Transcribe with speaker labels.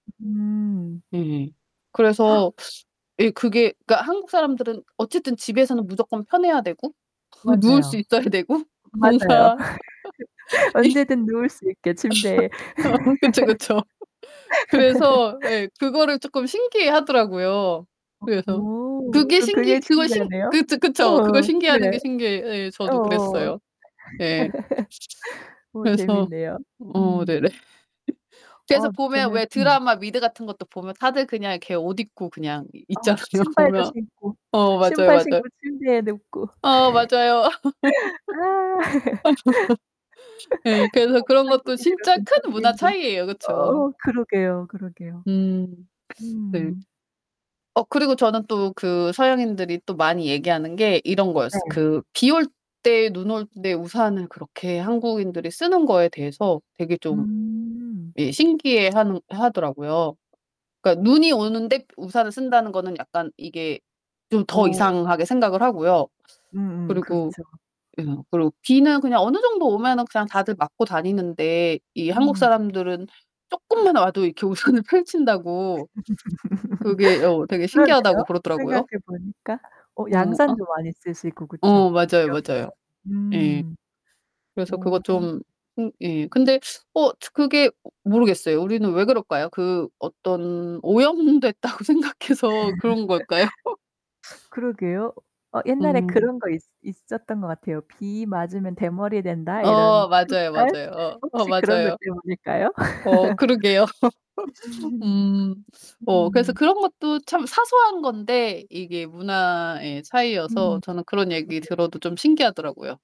Speaker 1: 음.
Speaker 2: 네네. 그래서 예 그게 그러니까 한국 사람들은 어쨌든 집에서는 무조건 편해야 되고 누울 수
Speaker 1: 맞아요.
Speaker 2: 있어야 되고
Speaker 1: 맞아요.
Speaker 2: 뭔가 예.
Speaker 1: 언제든 누울 수 있게 침대에.
Speaker 2: 어 그쵸, 그쵸. 그래서 예 그거를 쪼끔 신기해하더라고요 그래서.
Speaker 1: 어
Speaker 2: 그게
Speaker 1: 전 그게
Speaker 2: 신기 그걸 신
Speaker 1: 신기하네요.
Speaker 2: 그렇죠, 그쵸. 그걸
Speaker 1: 어. 네.
Speaker 2: 신기해하는 게 신기해. 예. 저도
Speaker 1: 어어.
Speaker 2: 그랬어요. 예.
Speaker 1: 어
Speaker 2: 그래서
Speaker 1: 재밌네요.
Speaker 2: 어
Speaker 1: 음.
Speaker 2: 네네. 그래서
Speaker 1: 어
Speaker 2: 보면
Speaker 1: 저는
Speaker 2: 왜
Speaker 1: 음.
Speaker 2: 드라마 미드 같은 것도 보면 다들 그냥 이렇게 옷 입고 그냥 이
Speaker 1: 아
Speaker 2: 있잖아요,
Speaker 1: 신발도
Speaker 2: 보면.
Speaker 1: 신고.
Speaker 2: 어 맞아요,
Speaker 1: 신발
Speaker 2: 맞아요.
Speaker 1: 신고 침대에 눕고.
Speaker 2: 아 맞아요.
Speaker 1: 아.
Speaker 2: 예 그래서
Speaker 1: 한
Speaker 2: 그런 것도
Speaker 1: 한국인이라
Speaker 2: 진짜
Speaker 1: 좀
Speaker 2: 큰
Speaker 1: 참기
Speaker 2: 문화
Speaker 1: 힘든
Speaker 2: 차이예요. 그쵸.
Speaker 1: 어 그러게요, 그러게요.
Speaker 2: 음. 네.
Speaker 1: 음.
Speaker 2: 어 그리고 저는 또 그 서양인들이 또 많이 얘기하는 게 이런 거였어요.
Speaker 1: 네.
Speaker 2: 그 비 올 때 눈 올 때 우산을 그렇게 한국인들이 쓰는 거에 대해서 되게 좀
Speaker 1: 음.
Speaker 2: 예 신기해하는 하더라고요. 그러니까 눈이 오는데 우산을 쓴다는 거는 약간 이게 좀 더
Speaker 1: 어.
Speaker 2: 이상하게 생각을 하고요.
Speaker 1: 음음
Speaker 2: 그리고
Speaker 1: 그렇죠.
Speaker 2: 예 그러고 비는 그냥 어느 정도 오면은 그냥 다들 맞고 다니는데 이 한국
Speaker 1: 음.
Speaker 2: 사람들은 쪼끔만 와도 이렇게 우산을 펼친다고 그게 어 되게
Speaker 1: 그러네요?
Speaker 2: 신기하다고
Speaker 1: 생각해
Speaker 2: 그러더라고요.
Speaker 1: 보니까. 어
Speaker 2: 어 아.
Speaker 1: 양산도 많이 쓰시고 그쵸?
Speaker 2: 어 맞아요,
Speaker 1: 여름에
Speaker 2: 맞아요. 예.
Speaker 1: 음.
Speaker 2: 그래서 그거
Speaker 1: 오.
Speaker 2: 좀 음 예 근데 어 그게 모르겠어요. 우리는 왜 그럴까요? 그 어떤 오염됐다고 생각해서 그런 걸까요?
Speaker 1: 그러게요. 어 옛날에
Speaker 2: 음.
Speaker 1: 그런 거 있 있었던 것 같아요. "비 맞으면 대머리 된다." 이런
Speaker 2: 어 맞아요,
Speaker 1: 속설?
Speaker 2: 맞아요. 어, 어
Speaker 1: 혹시 그런 것
Speaker 2: 맞아요.
Speaker 1: 때문일까요?
Speaker 2: 어 그러게요. 음. 어 그래서
Speaker 1: 음.
Speaker 2: 그런 것도 참 사소한 건데 이게 문화의 차이여서
Speaker 1: 음
Speaker 2: 저는 그런 얘기
Speaker 1: 그러게요.
Speaker 2: 들어도 좀 신기하더라고요.